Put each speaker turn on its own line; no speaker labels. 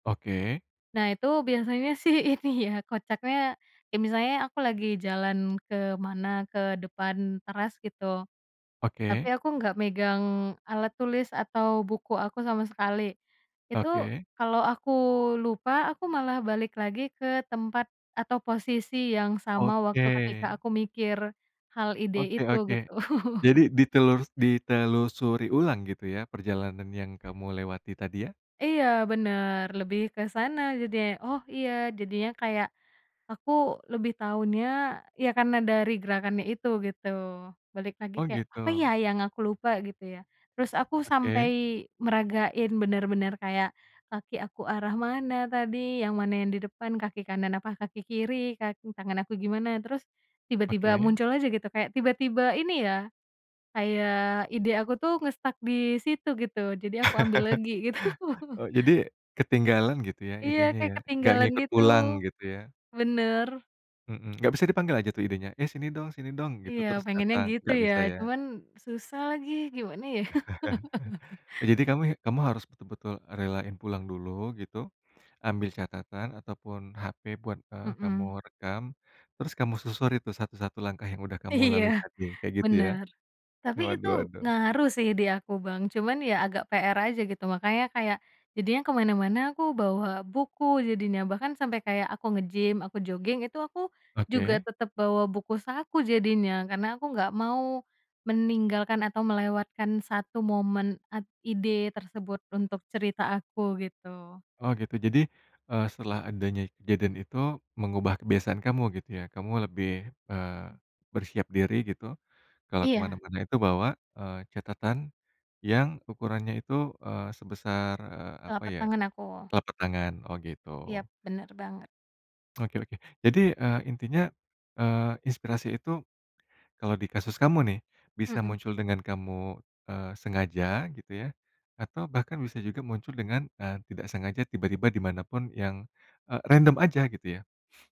Oke.
Nah, itu biasanya sih ini ya, kocaknya kayak misalnya aku lagi jalan kemana, ke depan teras, gitu. Tapi
Oke.
aku nggak megang alat tulis atau buku aku sama sekali. Itu
Oke.
kalau aku lupa, aku malah balik lagi ke tempat atau posisi yang sama
Oke.
waktu ketika aku mikir hal ide
Oke
itu,
oke.
gitu.
Jadi ditelur ditelusuri ulang gitu ya perjalanan yang kamu lewati tadi, ya?
Iya, bener, lebih ke sana jadinya. Oh, iya, jadinya kayak aku lebih taunya ya karena dari gerakannya itu, gitu. Balik lagi
Oh,
kayak, "Apa ya,
gitu.
yang aku lupa?", gitu ya, terus aku sampai
Oke.
meragain benar-benar kayak kaki aku arah mana tadi, yang mana yang di depan, kaki kanan apa kaki kiri, kaki tangan aku gimana. Terus tiba-tiba
Oke.
muncul aja gitu, kayak tiba-tiba ini ya, kayak ide aku tuh nge-stuck disitu, gitu, jadi aku ambil lagi, gitu.
Oh, jadi ketinggalan, gitu ya,
Iya,
idenya
kayak
ya, nggak
ketinggalan
ngikut
gitu,
pulang, gitu ya?
bener.
Mhm, nggak bisa dipanggil aja tuh idenya, "Eh, sini dong sini dong", gitu,
Iya,
terus
pengennya
datang,
gitu
nggak
ya,
bisa, ya?
cuman susah lagi, gimana, ya.
Jadi kamu kamu harus betul-betul relain pulang dulu, gitu, ambil catatan ataupun HP buat, eee, kamu
Mhm.
rekam, terus kamu susuri tuh 1-1 langkah yang udah kamu lalui
Iya,
tadi, kayak gitu, ya?
bener, tapi itu
Waduh waduh.
ngaruh sih di aku, Bang, cuman ya agak PR aja gitu, makanya kayak jadinya kemana-mana aku bawa buku, jadinya bahkan sampai kayak aku ngegym, aku joging, itu aku juga
Oke.
tetap bawa buku saku jadinya. Karena aku nggak mau meninggalkan atau melewatkan 1 momen at ide tersebut untuk cerita aku, gitu.
Oh, gitu, jadi, eee, setelah adanya kejadian itu mengubah kebiasaan kamu, gitu ya? Kamu lebih, eee, bersiap diri gitu, kalau
Iya.
kemana-mana itu bawa, eee, catatan yang ukurannya itu, eee, sebesar eee, apa
Telapak
ya,
tangan aku.
telapak tangan? Oh, gitu.
Iya, bener banget.
Oke oke. Jadi, eee, intinya, eee, inspirasi itu kalau di kasus kamu nih, bisa
Mhm.
muncul dengan kamu, eee, sengaja gitu ya, atau bahkan bisa juga muncul dengan, eee, tidak sengaja tiba-tiba dimanapun yang, eee, random aja, gitu ya?